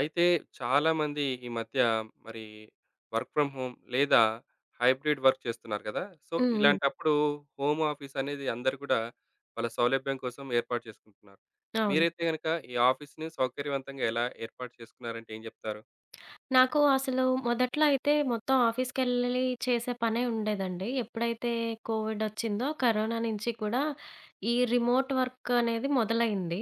అయితే, చాలామంది ఈ మధ్య మరి వర్క్ ఫ్రమ్ హోమ్ లేదా, హైబ్రిడ్ వర్క్ చేస్తున్నారు గదా! సో, హుహు. ఇలాంటప్పుడు హోమాఫీసనేది అందరూ గూడా, వాళ్ళ సౌలభ్యం కోసం ఏర్పాటు చేసుకుంటున్నారు. అవును. మీరైతే గనక, ఈ ఆఫీస్‌ని సౌకర్యవంతంగా ఎలా ఏర్పాటు చేసుకున్నారంటే, ఏం జెప్తారు? నాకు అసలు మొదట్లో అయితే మొత్తం ఆఫీస్‌కెళ్లలి చేసే పనే ఉండేదండి. ఎప్పుడైతే కోవిడొచ్చిందో, కరోనా నించి కూడా ఈ రిమోట్ వర్కనేది మొదలైంది.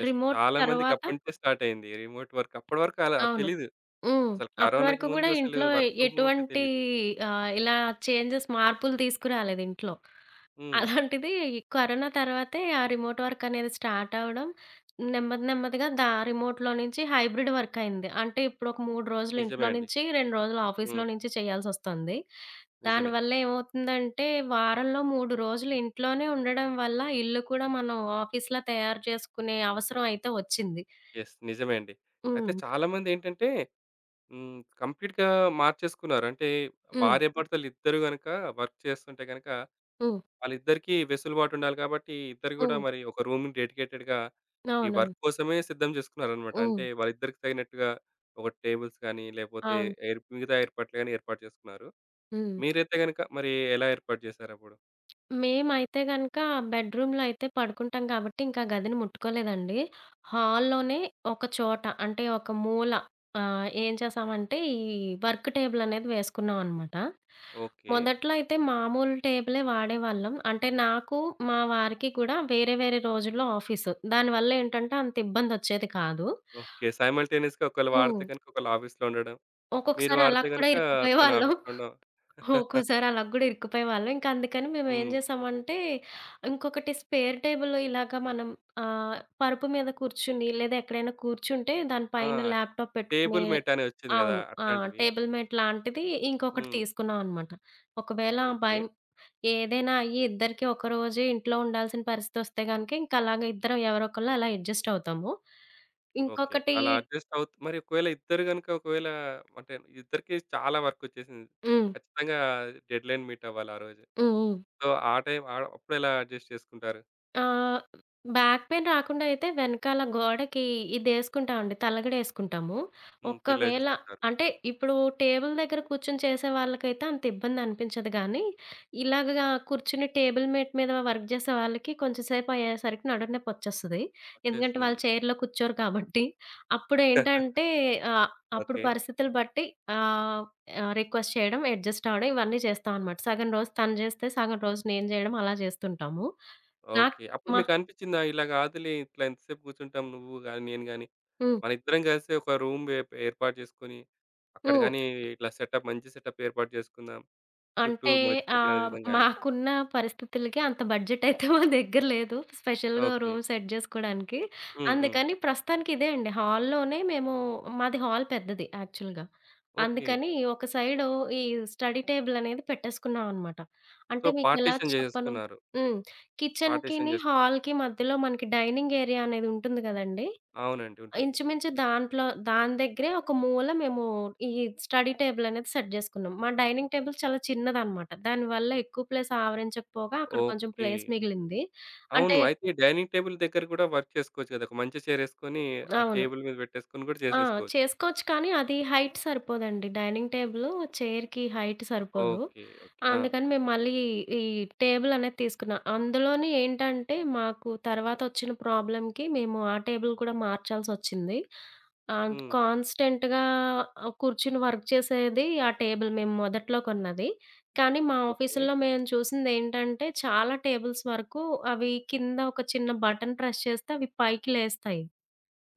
యెస్. రిమోట్ చాలా తరవాత మందికప్పట్నించే స్టార్టయ్యింది. రిమోట్ వర్క్, అప్పడి వరకు అలా అవును. తెలీదు. హ్మ్. అసలు అప్పుడు కరోనాకు వరకు ముందు గూడా అసలు ఇంట్లో వర్క్ ఫ్రమ్ హోమ్ అంటే, ఎటువంటీ తెలీదు. ఆహ్, ఇలా చేంజెస్ మార్పులు తీసుకురాలేదింట్లో. హ్మ్. అలాంటిది కరోనా తర్వాతే, ఆ రిమోట్ వర్కనేది స్టార్టవ్వడం, నెమ్మది నెమ్మదిగా దా రిమోట్‌లో నించి హైబ్రిడ్ వర్కయింది. అంటే, ఇప్పుడొక మూడ్రోజులు నిజమే ఇంట్లో అండి. నించి, రెండ్రోజులు ఆఫీస్‌లో హ్మ్. నించి చేయాల్సొస్తంది. నిజమే. దానివల్ల ఏమవుతుందంటే, వారంలో 3 రోజులు ఇంట్లోనే ఉండడం వల్ల, ఇల్లు కూడా మనం ఆఫీస్‌లా తయారు చేసుకునే అవసరం అయితే ఒచ్చింది. యెస్. నిజమే అండి. అయితే హ్మ్. చాలామందేంటంటే హ్మ్, కంప్లీట్‌గా మార్చేసుకున్నారు. అంటే, హ్మ్. భార్యాభర్తలిద్దరూ గనక వర్క్ చేస్తుంటే గనక, హ్మ్. వాళ్ళిద్దరికీ వెసులుబాటుండాలి కాబట్టీ, ఇద్దరు గూడా హ్మ్. మరి ఒక రూమ్‌ని డెడికేటెడ్‌గా ఈ అవునవును. వర్క్ కోసమే సిద్ధం జేసుకున్నారన్నమాట. అంటే, హ్మ్. వాళ్ళిద్దరికీ తగినట్టుగా ఒక టేబుల్స్ కానీ లేపోతే, అవును. ఏర్ మిగతా ఏర్పాట్లు గాని ఏర్పాటు చేసుకున్నారు. హ్మ్. మీరైతే గనక మరీ ఎలా ఏర్పాటు చేసారప్పుడు? మేమైతే గనుక బెడ్‌‌‌‌‌‌‌‌‌‌‌‌రూంలో అయితే పడుకుంటాం గాబట్టి. ఇంక ఆ గదిని ముట్టుకోలేదండి. హాల్‌ లోనే ఒక చోట అంటే ఒక మూల ఆహ్, ఏం చేసామంటే ఈ వర్క్‌టేబుల్ అనేది వేసుకున్నాం అనమాట. ఓకే. మొదట్లో అయితే మామూలు టేబుల్ వాడేవాళ్ళం. అంటే నాకు మా వారికి కూడా వేరే వేరే రోజుల్లో ఆఫీసు దానివల్ల ఏంటంటే అంత ఇబ్బంది వచ్చేది గాదు. ఓకే. సైమల్‌టెన్నిస్‌గా ఒకళ్ళు వాడితే హ్మ్. గనుక ఒకళ్ళు ఆఫీస్‌లో ఉండడం. మీరు ఒక్కొక్కసారి అలా వాడితే కూడా గనుక ఇరుక్కుపోయే తన వాళ్ళం. ఆఫీస్‌లో ఉండడం. ఒక్కోసారి అలా కూడా ఇరుక్కుపోయేవాళ్ళం. ఇంకందుకని మేము ఏం హ్మ్. చేసామంటే ఇంకొకటి స్పేర్‌‌‌‌‌‌‌‌‌‌‌‌‌‌టేబుల్ ఇలాగ మనం ఆహ్, పరుపు మీద కూర్చొని లేదా ఎక్కడైనా కూర్చుంటే దాని ఆ! పైన ల్యాప్‌టాప్ పెట్టుకునే టేబుల్ మేట్ అని వచ్చింది కదా! అవును. ఆ! అట్లాంటివా? టేబుల్‌మెట్ లాంటిది ఇంకొకటి హ్మ్. తీసుకున్నాం అనమాట. ఒకవేళ బైం ఓకే. ఏదైనా అయ్యి ఇద్దరికి ఒకరోజే ఇంట్లో ఉండాల్సిన పరిస్థితొస్తే కనుక ఇంక అలాగే ఇద్దరం ఎవరో ఒకళ్ళు అలా అడ్జస్ట్ అవుతాము. ఓకే. ఇంకొకటి అలా అడ్జస్ట్ అవుతు మరి ఒకవేళ ఇద్దరు గనుక ఒకవేళ అంటే ఇద్దరికీ చాలా వర్క్ వచ్చేసింది. హ్మ్. ఖచ్చితంగా డెడ్‌లైన్ మీటవ్వాలి ఆరోజే. హుహు. సో, ఆ టైం అప్పుడు ఎలా అడ్జస్ట్ చేసుకుంటారు? ఆ! బ్యాక్ పెయిన్ రాకుండా అయితే వెనకాల గోడకి ఇదేసుకుంటామండి, తలగడ ఏసుకుంటాము. హ్మ్. పిల్లో ఒకవేళ ఏసేసుకుంటారు. అంటే ఇప్పుడు టేబుల్ దగ్గర కూర్చొని చేసే వాళ్ళకైతే అంత ఇబ్బందనిపించదు కానీ, ఇలాగ కూర్చొని టేబుల్ మేట్ మీద వర్క్ చేసే వాళ్ళకి కొంచెం సేపయ్యేసరికి నడుం నొప్పి వచ్చేస్తుంది. ఎందుకంటే వాళ్ళు వచ్చేస్తుందండి. చైర్‌లో కూర్చోరు కాబట్టి, అప్పుడేంటంటే ఆహ్, అప్పుడు ఓకే. పరిస్థితులు బట్టి ఆహ్, ఆహ్, రిక్వెస్ట్ చేయడం, అడ్జస్ట్ అవ్వడం ఇవన్నీ చేస్తావనమాట సగం రోజు తను జేస్తే, సగం రోజు నేను జేయడం అలా జేస్తుంటాము. నాకు ఓకే. అప్పుడు మా మీకనిపించిందా? ఇలా కాదులే ఇట్లా ఎంత సేపు కూర్చుంటాం నువ్వు గాని, నేను గాని, హ్మ్. మన ఇద్దరం కలిసి ఒక రూమ్ వె ఏర్పాటు చేసుకొని, అక్కడ హ్మ్. గాని ఇట్లా సెటప్ మంచి సెటప్ ఏర్పాటు చేసుకుందాం. చుట్టూ అంటే మనకు తగిన ఆహ్, విధంగా అని. మాకున్న పరిస్థితులకి అంత బడ్జెట్ అయితే మా దగ్గర లేదు స్పెషల్‌గా ఓ ఓకే. రూమ్ సెట్ చేసుకోడానికి, హ్మ్. హ్మ్. అందుకని ప్రస్తుతానికి ఇదే అండి హాల్‌లోనే మేము మాది హాల్ పెద్దది యాక్చువల్‌గా. ఓకే. అందుకని ఒక సైడు ఈ స్టడీ టేబుల్ అనేది పెట్టేసుకున్నావనమాట సో, అంటే మీకెలా పార్టిషన్ చెప్పను? చేసెసుకున్నారు. హ్మ్. పార్టిషన్ కిచెన్‌కిని, చేసుకో హాల్‌కి మధ్యలో మనకి డైనింగ్ ఏరియా అనేది ఉంటుంది కదండీ! అవునండి. ఉంటుంది. ఇంచుమించు దాంట్లో, దాని దగ్గరే ఒక మూల మేము ఈ డైనింగ్ ఏరియా అనేది సెట్ చేసుకున్నాం. మా డైనింగ్ టేబుల్ చాలా చిన్నదనమాట, దానివల్ల ఎక్కువ ప్లేస్ ఆవరించకపోగా అక్కడ కొంచెం ఓకే. ప్లేస్ మిగిలింది. అంటే అవును. అయితే డైనింగ్ టేబుల్ దగ్గర కూడా వర్క్ చేసుకోవచ్చు కదా! ఒక మంచి చైర్ ఏసుకోని ఆ అవును. టేబుల్ మీద పెట్టేసుకొని కూడా ఆ! చేసేసుకోవచ్చు. చేసుకోవచ్చు కానీ అది హైట్ సరిపోదండి. డైనింగ్ టేబులు చైర్‌కి హైట్ సరిపోదు. ఓకే. ఓకే. ఆ! అందుకని మేము మళ్ళీ, ఈ టేబులనేది తీసుకున్నాం. అందులోని ఏంటంటే మాకు తర్వాతొచ్చిన ప్రాబ్లమ్‌కి మేము ఆ టేబుల్ కూడా మార్చాల్సొచ్చింది. అంటే హ్మ్. కాన్స్టెంట్‌గా ఆహ్, కూర్చొని వర్క్ చేసేది ఆ టేబుల్ మేము మొదట్లో కొన్నది. కానీ మా ఓకే. ఆఫీస్‌‌లో మేము చూసిందేంటంటే చాలా టేబుల్స్ వరకు అవి కింద ఒక చిన్న బటన్ ప్రెస్ చేస్తే అవి పైకి లేస్తాయి.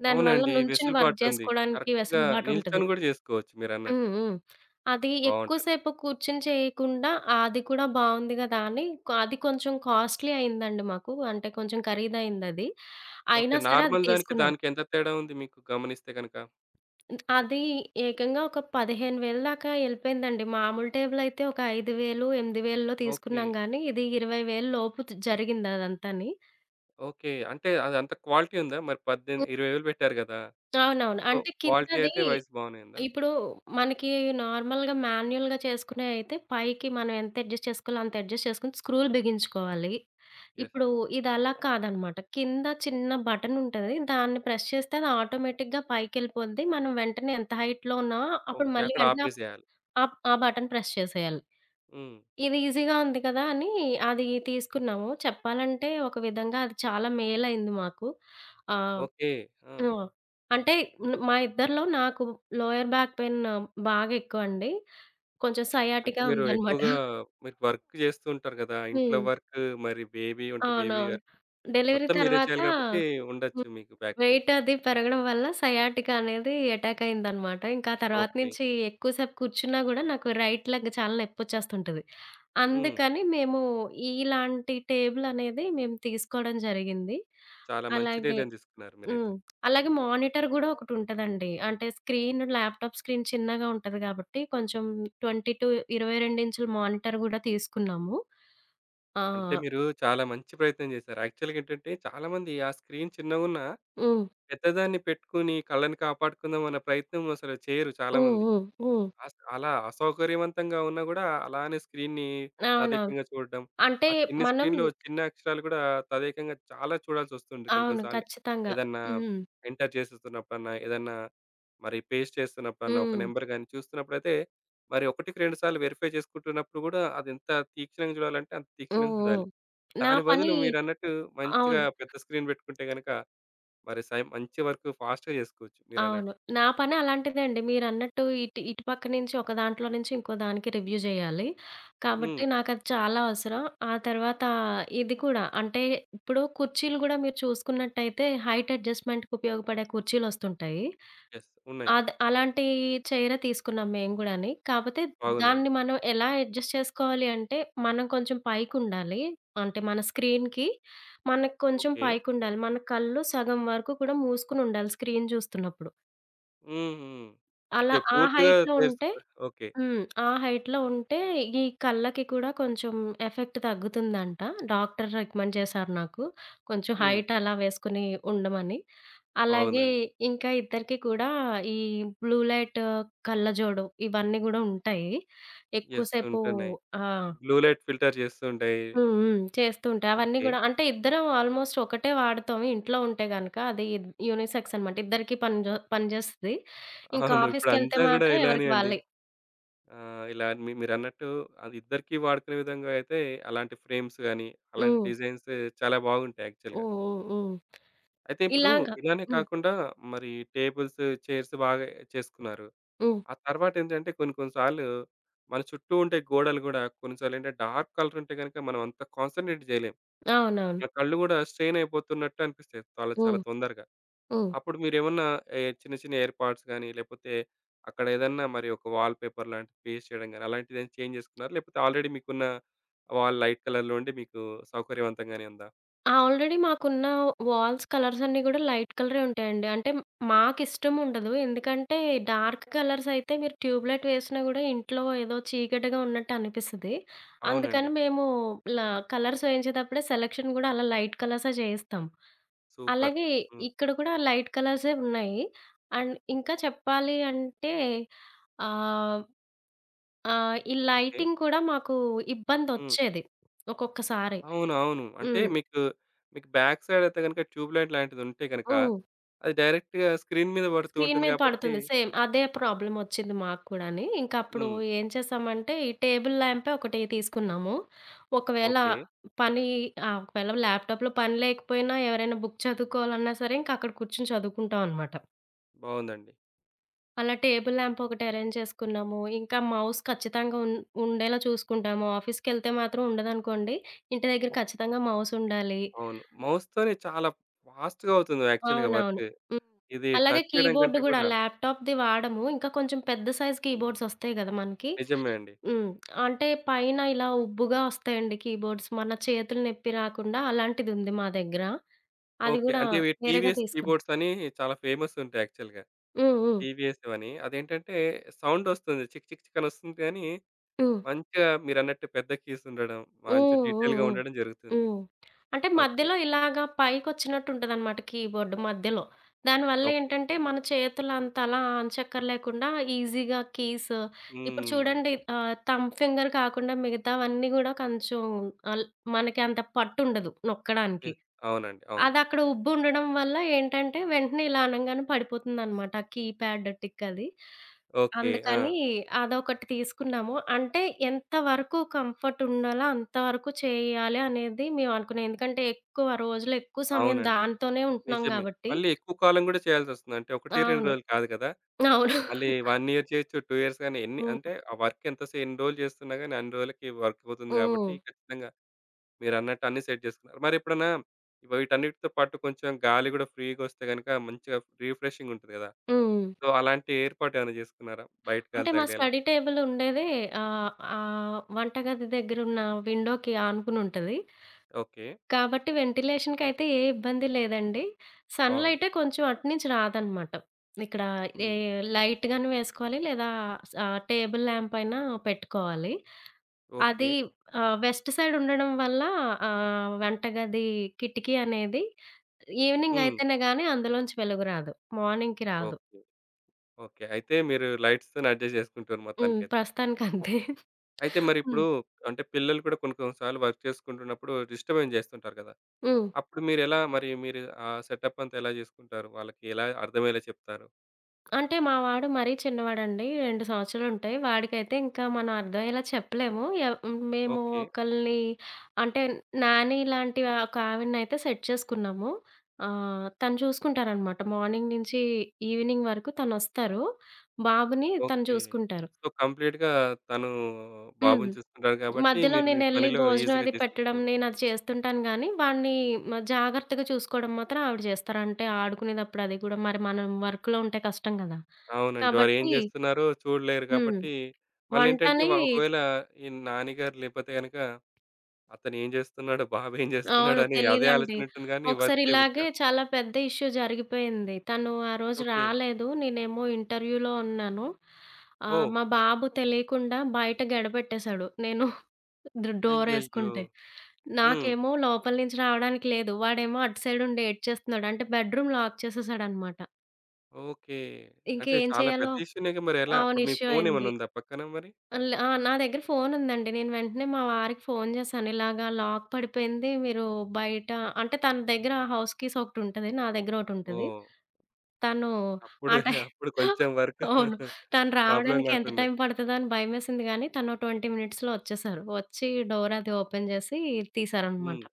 దానివల్ల అవునండి. నుంచొని వర్క్ వెసులుబాటుంది. చేసుకోవడానికి కరెక్ట్‌గా వెసలుబాటుంటది. నిల్చొని కూడా చేసుకోవచ్చు హ్మ్ మీరన్నట్టు. హ్మ్. అది ఎక్కువ బాగుంటది. సేపు కూర్చొని చేయకుండా అది కూడా బాగుంది కదా! అని అది కొంచెం కాస్ట్‌లీ అయిందండి మాకు. అంటే కొంచెం ఖరీదైందది, ఓకే. అయినా సరే అది నార్మల్ దానికి, తీసుకున్నాం. దానికి ఎంత తేడా ఉంది, మీకు గమనిస్తే గనక? అది ఏకంగా ఒక 15,000 దాకా ఎళ్ళిపోయిందండి. మామూలు టేబులయితే ఒక 5000, 8000లో ఓకే. తీసుకున్నాం కానీ ఇది 20,000 లోపు జరిగింది అదంతాని. ఓకే. అంటే, అదంత క్వాలిటీ ఉందా? మరి పద్దెమి ఉ 20,000 వేలు పెట్టారు గదా! అవునవును. సో, అంటే, క్వాలిటీ కిందది అయితే వైజ్ బానే ఉందా? ఇప్పుడు మనకి నార్మల్‌గా, మాన్యుయల్‌గా చేసుకునేయ్ అయితే పైకి మనం ఎంత అడ్జస్ట్ చేసుకోవాలో అంత అడ్జస్ట్ చేసుకొని స్క్రూలు బిగించుకోవాలి. యెస్. ఇప్పుడు ఇదలా కాదన్నమాట. కింద చిన్న బటనుంటది. దాన్ని ప్రెస్ చేస్తే అది ఆటోమేటిక్‌గా పైకెళ్ళిపోద్ది. మనం వెంటనే ఎంత హైట్‌లో ఉన్నా అప్పుడు ఓకే. మళ్ళీ అక్కడ వెంటనే ఆపేసెయాలి. ఆహ్, ఆ బటన్ ప్రెస్ చేసేయాలి. హ్మ్. ఇది ఈసీగా ఉంది కదా అని, అది తీసుకున్నాము. చెప్పాలంటే ఒక విధంగా అది చాలా మేలైంది మాకు. ఆహ్, ఓకే. ఆ! ఆ! అంటే మ్-మా ఇద్దరిలో నాకు లోయర్ బ్యాక్ పెయిన్ బాగా ఎక్కువండి. కొంచెం అంటే సైయాటికా మీరు ఉందన్నమాట. ఎక్కువగా మీరు వర్కు జేస్తూ ఉంటారు గదా! ఇంట్లో హ్మ్. వర్కు మరి బేబీ ఉంటే బేబీ అవునవును. వర్క్. డెలివరీ మొత్తం మీరే తర్వాత చేయాలి కాబట్టి ఉండొచ్చు మీకు బ్యాక్ పైయిన్. వెయిటది పెరగడం వల్ల సయాటికా అనేది అటాక్ అయిందనమాట. ఇంకా తర్వాత ఓకే. నుంచి ఎక్కువ సేపు కూర్చున్నా గూడా నాకు రైట్ లెగ్ చాలా నొప్పొచ్చేస్తుంటది. హ్మ్. అందుకని మేము ఇ-ఇలాంటి టేబులనేది మేము తీసుకోడం జరిగింది. చాలా మంచి అలాగే నిర్ణయం దీసుకున్నారు. హ్మ్. మీరైతే. అలాగే మానిటర్ గూడా ఒకటుంటదండి. అంటే స్క్రీన్, ల్యాప్‌టాప్ స్క్రీన్ చిన్నగా ఉంటది కాబట్టి, కొంచెం 22 22 ఇంచ్‌ల మానిటర్ కూడా తీసుకున్నాము. ఆ! అంటే, మీరు చాలా మంచి ప్రయత్నం జేసారు. యాక్చువల్‌గా ఏంటంటే, చాలామంది ఆ స్క్రీన్ చిన్నగున్నా, హ్మ్. పెద్దదాన్ని పెట్టుకొని కళ్ళని కాపాడుకుందాం అన్న ప్రయత్నం అసలు చేయరు హ్మ్. చాలామంది. హ్మ్. హ్మ్. అస అలా అసౌకర్యవంతంగా ఉన్నా గూడా అలానే స్క్రీన్‌ని అవునవును. తదేకంగా చూడడం, అంటే ఆ చిన్ని మనం స్క్రీన్‌లో చిన్న అక్షరాలు కూడా తదేకంగా చాలా చూడాల్సొస్తుంది కొన్ని కొన్ని అవును. సార్లు. ఖచ్చితంగా. ఏదన్నా హ్మ్. ఎంటర్ జేసేస్తున్నప్పుడన్నా, ఏదన్నా మరి పేస్ట్ చేస్తున్నప్పుడన్నా, ఒక హ్మ్. నంబర్ గాని చూస్తున్నప్పుడైతే మరి ఒకటికి రెండు సార్లు వెరిఫై చేసుకుంటున్నప్పుడు కూడా అది ఎంత తీక్షణంగా చూడాలంటే అంత ఓహ్! తీక్షణంగా ఓహ్! చూడాలి. నా దాని పని బదులు మీరన్నట్టు మంచిగా అవును. పెద్ద స్క్రీన్ పెట్టుకుంటే గనక, మరి స మంచి వర్కు ఫాస్ట్‌గా జేసుకోవచ్చు అవును. మీరన్నట్టు. నా పని అలాంటిదే అండి. మీరన్నట్టు ఇటు, ఇటు పక్క నుంచి ఒక దాంట్లో నుంచి ఇంకోదానికి రివ్యూ జేయాలి. కాబట్టి హ్మ్. నాకది చాలా అవసరం. ఆ తర్వాత ఇది కూడా. అంటే, ఇప్పుడు కుర్చీలు గూడా మీరు చూసుకున్నట్టయితే హైట్ అడ్జస్ట్‌మెంట్‌కి ఉపయోగపడే కుర్చీలొస్తుంటాయి. యెస్. ఉన్నాయి. అద్ అలాంటి చైరే తీసుకున్నాం మేము గూడాని. కాపోతే బాగుందండి. దాన్ని మనం ఎలా అడ్జస్ట్ చేసుకోవాలి అంటే మనం కొంచెం పైకుండాలి. అంటే మన స్క్రీన్‌కి, మనకి కొంచెం ఓకే. పైకుండాలి, మన కళ్ళు సగం వరకు కూడా మూసుకొనుండాలి స్క్రీన్ జూస్తున్నప్పుడు. హుహు. అలా ఓకే. ఆ పూర్తిగా హైట్‌లో ఉంటే తెరుసుకో ఓకే. హ్మ్. ఆ హైట్‌లో ఉంటే ఈ కళ్ళకి కూడా కొంచెం ఎఫెక్ట్ తగ్గుతుందంట డాక్టర్ రికమెండ్ చేశారు నాకు. కొంచెం హ్మ్. హైటలా వేసుకొని ఉండమని. అలాగే బావుందండి. ఇంకా ఇద్దరికి కూడా ఈ బ్లూ లైట్ కళ్ళజోడు ఇవన్నీ గూడా ఉంటాయి. ఎక్కువ యెస్ సేపు ఉంటున్నాయి. ఆ! బ్లూ లైట్ ఫిల్టర్ జేస్తూ ఉంటాయి. హ్మ్, హ్మ్. చేస్తూ ఉంటాయి. అవన్నీ ఓకే. గూడా అంటే ఇద్దరం ఆల్మోస్ట్ ఒకటే వాడుతాం ఇంట్లో ఉంటే గనక. అది యూనిసెక్స్ అనమాట. ఇద్దరికీ పనిజొ పనిజేస్తది. ఇంకా అవును. ఆఫీస్‌కెళ్తే ఇప్పుడంతా గూడా మాత్రం ఇలానే ఎవరికీ అండి. వాళ్ళయి. ఆహ్, ఇలా మి మీరన్నట్టు అదిద్దరికి వాడుకునే విధంగా అయితే అలాంటి ఫ్రేమ్స్ గాని, అలాంటి హ్మ్. డిజైన్స్ చాలా బాగుంటాయి యాక్చువల్‌గా. హుహుహు. అయితే, ఇప్పుడు ఇలాగ ఇలానే హ్మ్. కాకుండా మరి టేబుల్సు, చైర్సు బాగా చేసుకున్నారు. హ్మ్. ఆ తరువాతేంటంటే కొన్ని కొన్ని సార్లు మన చుట్టూ ఉండే గోడలు గూడా కొన్ని సార్లేంటంటే డార్క్ కలర్ ఉంటే గనక మనం అంత కాన్సంట్రేట్ జేయలేం. అవునవును. ఇగ కళ్ళు గూడా స్ట్రెయినయిపోతున్నట్టు అనిపిస్తయి చాలా చాలా హ్మ్. తొందరగా. హ్మ్. అప్పుడు మీరేమన్నా ఏ చిన్న చిన్న ఏర్పాట్స్ గాని, లేకపోతే అక్కడేదన్నా మరి ఒక వాల్ పేపర్ లాంటిది పేస్ట్ చేయడం గాని, అలాంటిదేమైనా చేంజ్ జేసుకున్నారా? లేకపోతే ఆల్రెడీ మీకున్న వాల్ లైట్ కలర్‌లో ఉండి మీకు సౌకర్యవంతంగానే ఉందా? ఆ! ఆల్రెడీ మాకున్న వాల్స్ కలర్స్ అన్నీ కూడా లైట్ కలరే ఉంటాయండి. అంటే మాకు ఇష్టం ఉండదు ఎందుకంటే డార్క్ కలర్స్ అయితే మీరు ట్యూబ్ లైట్ వేసినా కూడా ఇంట్లో ఏదో చీకటిగా ఉన్నట్టనిపిస్తది. అవునండి. అందుకని మేము ఇలా కలర్స్ వేయించేటప్పుడే సెలక్షన్ కూడా అలా లైట్ కలర్సే చేయిస్తాం. సూపర్ అలాగే, హ్మ్. ఇక్కడ కూడా లైట్ కలర్సే ఉన్నాయి. అండ్ ఇంకా చెప్పాలి అంటే, ఆహ్, ఆహ్, ఈ ఓకె. లైటింగ్ కూడా మాకు హ్మ్. ఇబ్బందొచ్చేది. ఒక్కొక్కసారి. అవును అవును. అంటే, హ్మ్. మీకు మీకు బ్యాక్‌సైడ్ అయితే గనుక ట్యూబ్ లైట్ లాంటిది ఉంటే గనక హ్మ్. అది డైరెక్ట్‌గా స్క్రీన్ మీద పడుతూ స్క్రీన్ ఉంటుంది మీద కాబట్టి పడుతుంది. సేమ్ అదే ప్రాబ్లమ్ వచ్చింది మాకు కూడాని, ఇంకా అప్పుడు హ్మ్. ఏం చేసామంటే, ఈ టేబుల్ లాంపే ఒకటి తీసుకున్నాము. ఒకవేళ ఓకె. పని ఆహ్, ఒకవేళ ల్యాప్టాప్‌లో పని లేకపోయినా, ఎవరైనా బుక్ చదువుకోవాలన్నా సరే ఇంకా అక్కడ కూర్చొని చదువుకుంటాం అన్నమాట. బావుందండి. అలా టేబుల్ ల్యాంప్ ఒకటి అరేంజ్ చేసుకున్నాము. ఇంకా మౌస్ ఖచ్చితంగా ఉం ఉండేలా చూసుకుంటాము, ఆఫీస్‌కెళ్తే మాత్రం ఉండదనుకోండి, ఇంటి దగ్గర ఖచ్చితంగా మౌస్ ఉండాలి. అవును. మౌస్ తోనే చాలా ఫాస్ట్‌గా అవుతుంది యాక్చువల్‌గా అవునవును. వర్క్. హ్మ్. ఇది అలాగే టచ్ చేయడం కీబోర్డ్ కంటే కూడా కూడా. ల్యాప్టాప్‌ది వాడము ఇంకా కొంచెం పెద్ద సైజ్ కీబోర్డ్స్ వస్తాయి కదా మనకి, నిజమే అండి. హ్మ్., పైన ఇలా ఉబ్బుగా వస్తాయండి కీబోర్డ్స్ మన చేతులు నొప్పి రాకుండా అలాంటిదుంది, మా దగ్గర. అది ఓకె, కూడా అంటే, ఇవి వేరేగా టీవీఎస్ తీసుకుం కీబోర్డ్స్ అని చాలా ఫేమస్ ఉంటాయి యాక్చువల్‌గా. హ్మ్ హ్మ్. టీవీఎస్‌వి అని అదేంటంటే సౌండ్ వస్తుంది చిక్ చిక్ చిక్ అని వస్తుంది గాని హ్మ్. మంచిగా మీరన్నట్టు పెద్ద కీస్ ఉండడం, హ్మ్, మంచి హ్మ్ డీటెయిల్‌గా ఉండడం జరుగుతుంది. హ్మ్, హ్మ్. అంటే, ఓకె. మధ్యలో ఇలాగ పైకొచ్చినట్టు ఉంటదనమాట కీబోర్డ్ మధ్యలో. దానివల్ల ఓకె. ఏంటంటే మన చేతులంతలా అచక్కర్లేకుండా ఈజీగా కీస్, ఇప్పుడు హ్మ్. చూడండి ఆహ్, థంబ్ ఫింగర్ కాకుండా మిగతావన్నీ కూడా కొంచెం అల్ మనకి అంత పట్టుండదు, ఎ నొక్కడానికి. అవునండి అవును. అదక్కడ ఉబ్బు ఉండడం వల్ల ఏంటంటే వెంటనే ఇలా అనంగానే పడిపోతుందన్నమాట, ఆ కీప్యాడ్ టిక్ అది ఓకె అందుకని ఆ! అదొకటి తీసుకున్నాము. అంటే ఎంత వరకు కంఫర్ట్ ఉండాలో అంతవరకు చెయ్యాలి అనేది మేము అనుకున్నాం. ఎందుకంటే ఎక్కువ రోజులు, ఎక్కువ సమయం అవునండి దాంతోనే ఉంటున్నాం నిజమే. కాబట్టి. మళ్ళీ ఎక్కువ కాలం కూడా చేయాల్సొస్తుంది. అంటే, 1, 2 అవును రోజులు కాదు కదా. అవును. మళ్ళీ 1 ఇయర్ చేయొచ్చు, 2 ఇయర్స్ గాని ఎన్ని హ్మ్. అంటే, ఆ వర్క్ ఎంత ఎన్ని రోజులు చేస్తున్నా గాని అన్ని రోజులకి వర్క్ అవుతుంది కాబట్టి హ్మ్. ఖచ్చితంగా మీరన్నట్టు అన్నీ సెట్ చేసుకున్నారు. మరి ఎప్పుడన్నా వీటన్నిటితో పాటు కొంచెం గాలి కూడా ఫ్రీ‌గొస్తే గనుక మంచిగా రిఫ్రెషింగ్ ఉంటది కదా. హ్మ్. సో అలాంటి ఏర్పాటు ఏమైనా చేసుకున్నారా? బయట గాలి అంటే మా తగిలేలా. స్టడీ టేబుల్ ఉండేదే, ఆహ్, ఆ వంట గది దగ్గర ఉన్న విండోకి ఆనుకుని ఉంటది. ఓకె. కాబట్టి వెంటిలేషన్‌కి అయితే ఏ ఇబ్బంది లేదండి, సన్ బావుంది. లైటే కొంచెం అటునుంచి రాదనమాట. ఇక్కడ ఏ హ్మ్. లైట్‌ గాని వేసుకోవాలి, లేదా స టేబుల్ ల్యాంప్ అయినా పెట్టుకోవాలి. ఓకె. అది ఆహ్, వెస్ట్ సైడ్ ఉండడం వల్ల ఆహ్, వెంటగది కిటికీ అనేది ఈవినింగ్ హ్మ్. అయితేనే కానీ అందులోంచి వెలుగు రాదు. మార్నింగ్‌కి రాదు. ఓకె. ఓకె, అయితే మీరు లైట్స్ తోనే అడ్జస్ట్ చేసుకుంటారు హ్మ్, మొత్తానికైతే. ప్రస్తుతానికంతే. అయితే మరి ఇప్పుడు, హ్మ్. అంటే పిల్లలు కూడా కొన్ని కొన్ని సార్లు వర్క్ చేసుకుంటున్నప్పుడు డిస్టర్బెన్స్ చేస్తుంటారు కదా. హ్మ్. అప్పుడు మీరు ఎలా మరి మీరు ఆ సెటప్ అంతా ఎలా చేసుకుంటారు? వాళ్ళకి ఎలా అర్థమయ్యేలా చెప్తారు? అంటే, మా వాడు మరీ చిన్నవాడండి 2 సంవత్సరాలుంటయి. వాడికైతే ఇంకా మనం అర్థమయ్యేలా చెప్పలేము. ఎవ్ హ్మ్. మేము ఓకే. ఒకల్ని అంటే, నాని లాంటి ఆ! ఒక ఆవిడని అయితే సెట్ చేసుకున్నాము. ఆహ్, తను చూసుకుంటారనమాట మార్నింగ్ నుంచి ఈవినింగ్ వరకు. తనొస్తారు, బాబుని తను ఓకే. చూసుకుంటారు. సో, కంప్లీట్‌గా తను హ్మ్. బాబుని చూసుకుంటారు గాబట్టి, మధ్యలో మీరు ఈ నేనెళ్లి పనిలో భోజనం ఈజీగా అది పెట్టడం జేసేసుకోవచ్చు. నేనది చేస్తుంటాను గానీ, వాడిని మ జాగ్రత్తగా చూసుకోవడం మాత్రం ఆవిడ జేస్తారు. అంటే, ఆడుకునేతప్పుడు అది కూడా మరి మనం వర్క్‌లో ఉంటే కష్టం గదా! అవునండి. వారేం కాబట్టి, జేస్తున్నారో చూడలేరు హ్మ్. గాబట్టి, మళ్ళేంటంటే వంటని వ ఒకవేళ ఈ నానీ గారు లేపోతే గనుక అతనేం జేస్తున్నాడు? బాబేం అవును జేస్తున్నాడని? అదే తెలీదండి. ఆలోచన ఉంటుంది గాని, వర్క్ ఒకసారి చేయబుద్ధి ఇలాగే గాదు. చాలా పెద్ద ఇష్యూ జరిగిపోయింది. తను ఆ రోజు ఓకే. రాలేదు. నేనేమో ఇంటర్వ్యూలో ఉన్నాను. ఆహ్, ఓహ్! మా బాబు తెలియకుండా బయట గడె పెట్టేశాడు. నేను డ అయ్యయ్యో! డోరేసుకుంటే. హ్మ్. నాకేమో లోపల నుంచి రావడానికి లేదు, వాడేమో అటు సైడ్ ఉండి ఏడ్చేస్తున్నాడు. అంటే, బెడ్రూమ్ లాక్ చేసేశాడనమాట. ఓకే. అంటే, ఇంకేం చాలా పెద్ద చేయాలో ఇష్యూ‌నేగా. మరెలా? అవును. అప్పుడు మీ ఇష్యూ ఫోను అయింది. ఏమన్నా ఉందా పక్కన మరి? అల్ ఆ! నా దగ్గర ఫోను ఉందండి. నేను వెంటనే మా వారికి ఫోను జేశాను ఇలాగా లాక్ పడిపోయింది. మీరు బయట అంటే, తన దగ్గర హౌస్ కీస్ ఒకటుంటది, నా దగ్గర ఒకటుంటది. ఓహ్! తను అప్పుడు, ఆ టైమ్ అప్పుడు కొంచెం వర్క్ అవును. తను ప్రాబ్లమ్ రావడానికి ఎంత గాకుండా. టైమ్ పడతదో అని భయమేసింది గానీ, తనో 20 మినిట్స్‌లో ఒచ్చేశారు. వచ్చి డోర్ అది ఓపెన్ జేసి తీశారనమాట. హ్మ్.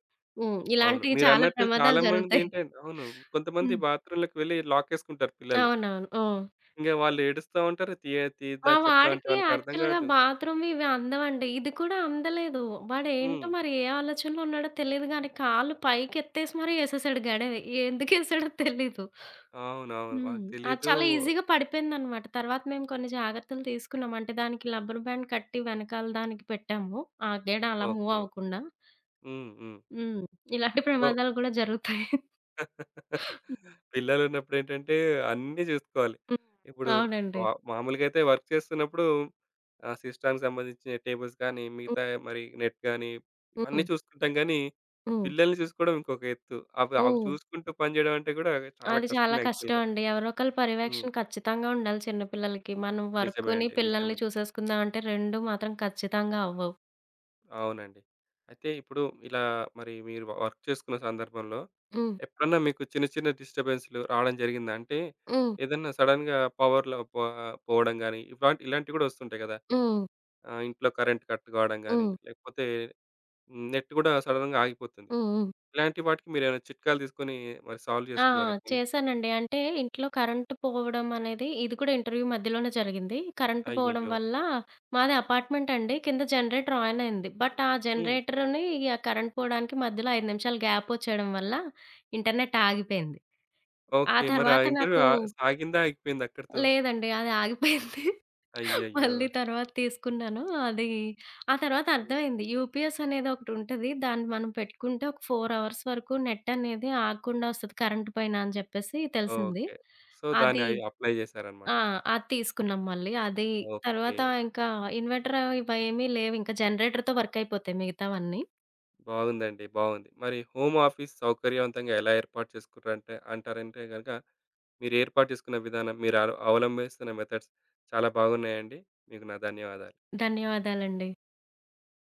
హ్మ్. అవును. ఇలాంటియి చాలా మీరన్నట్టు ప్రమాదాలు చాలా జరుగుతాయి. మందేంటంటే అవును. కొంతమంది హ్మ్. బాత్రూమ్‌లోకి వెళ్లి లాకేసుకుంటారు పిల్లలు. అవునవును. హ్మ్. ఇంగా వాళ్ళు ఏడుస్తా ఉంటారు. తియా మా తీద్దా చెప్తాంటే వాడికి వాళ్ళకి అర్థం యాక్చువల్‌గా గాదు. బాత్రూమ్‌వి, ఇవి అందవండి. ఇది కూడా అందలేదు. హ్మ్. వాడేంటో మరి ఏ ఆలోచనలో ఉన్నాడో తెలీదు గానీ, కాళ్ళు పైకెత్తేసి మరి ఏసేశాడు గడెవి. ఎందుకేశాడో తెలీదు. అవునవును. హ్మ్. వాళ్ళకు అది తెలీదూ. చాలా ఈజీగా పడిపోయిందనమాట. తర్వాత మేము కొన్ని జాగ్రత్తలు తీసుకున్నాం. అంటే, దానికి లబ్బర్ బ్యాండ్ కట్టి వెనకాల దానికి పెట్టాము. ఆ గెడ అలా మూవ్ ఓకే. అవ్వకుండా. హ్మ్. హ్మ్. హ్మ్. ఇలాంటి సో ప్రమాదాలు గూడా జరుగుతాయి. పిల్లలున్నప్పుడు ఏంటంటే అన్నీ జూసుకోవాలి. హ్మ్. ఇప్పుడు అవునండి. మా మామూలుగా అయితే వర్క్ చేస్తున్నప్పుడు, ఆ సిస్టమ్‌కి సంబంధించిన టేబుల్స్ గానీ, హ్మ్. మిగతా మరి నెట్ గానీ, ఇవన్నీ హ్మ్. చూసుకుంటాం గానీ, హ్మ్. పిల్లల్ని చూసుకోడం ఇంకొక ఎత్తు. అవ్ అవి హ్మ్. చూసుకుంటూ పనిజేయడమంటే గూడా చాలా అది చాలా కష్టం యాక్చువల్‌గా. కష్టమండి. ఎవరో ఒకళ్ళ హ్మ్. పర్యవేక్షణ ఖచ్చితంగా ఉండాలి చిన్నపిల్లలకి. మనం నిజమే వర్కు‌ని, అండి. నిజమే. పిల్లల్ని చూసేసుకుందాం అంటే, రెండూ మాత్రం ఖచ్చితంగా అవ్వవు. అవునండి. అయితే ఇప్పుడు ఇలా మరి మీరు వర్క్ చేసుకున్న సందర్భంలో హ్మ్. ఎప్పుడన్నా మీకు చిన్న, చిన్న డిస్టర్బెన్స్‌లు రావడం జరిగిందా? అంటే, హ్మ్. ఏదన్నా సడెన్‌గా పవర్‌లో పో పోవడం గాని ఇవా ఇలాంటివి కూడా వస్తుంటాయి గదా! హ్మ్. ఆ! ఇంట్లో కరెంట్ కట్ కావడం గాని, హ్మ్. లేకపోతే హ్మ్. నెట్ గూడా సడెన్‌గా‌ ఆగిపోతుంది. హ్మ్. హ్మ్. ఇలాంటి వాటికి మీరేమైనా చిట్కాలు తీసుకొని మరి సాల్వ్ ఆ! జేసుకున్నారెప్పుడైనా? చేశానండి అంటే, ఇంట్లో కరెంటు పోవడం అనేది ఇది కూడా ఇంటర్‌వ్యూ మధ్యలోనే జరిగింది. కరెంటు పోవడం అయ్యయ్యో! వల్ల, మాది అపార్ట్మెంట్ అండి, కింద జనరేటర్ అనయింది బట్ ఆ! హ్మ్. జనరేటర్‌‌ని ఆ! కరెంట్ పోవడానికి మధ్యలో 5 నిమిషాలు గ్యాప్ ఒచ్చేయడం వల్ల ఇంటర్నెట్ ఆగిపేంది ఆ ఓకే. మరి ఆ! తర్వాత ఇంటర్‌వ్యూ నాకు ఆహ్, సాగిందా ఆగిపేందా అక్కడితో? లేదండి. అది ఆగిపోయింది. అయ్యయ్యో! మళ్ళీ తరువాత తీసుకున్నాను. అది ఆ! తరువాత అర్థమైంది. యూపీఎస్ అనేదోకటుంటది, దాన్ని మనం పెట్టుకుంటే ఒక 4 అవర్స్ వరకు నెట్ అనేది ఆగకుండా ఒస్తది. కరెంట్ పోయినా అని జెప్పేసి తెలిసింది. ఓకే. సో, దాన్ని అది అయి అప్లై చేసారన్నమాట. ఆ! అది తీసుకున్నాం మళ్ళీ, అది ఓకే. తరువాత ఇంకా ఇన్వర్టర్ అవి వా ఏమి లేవింకా జనరేటర్‌తో వర్కయిపోతాయి మిగతావన్నీ. బాగుందండి. బావుంది. మరి హోమ్ ఆఫీస్ సౌకర్యవంతంగా ఎలా ఏర్పాటు చేసుకున్నారంటే అంటారంటే గనక, మీరు ఏర్పాటు చేసుకున్న విధానం, మీరు అలు అవలంభిస్తున్న మెథడ్స్ చాలా బాగున్నాయండి. మీకు నా ధన్యవాదాలు. ధన్యవాదాలండి.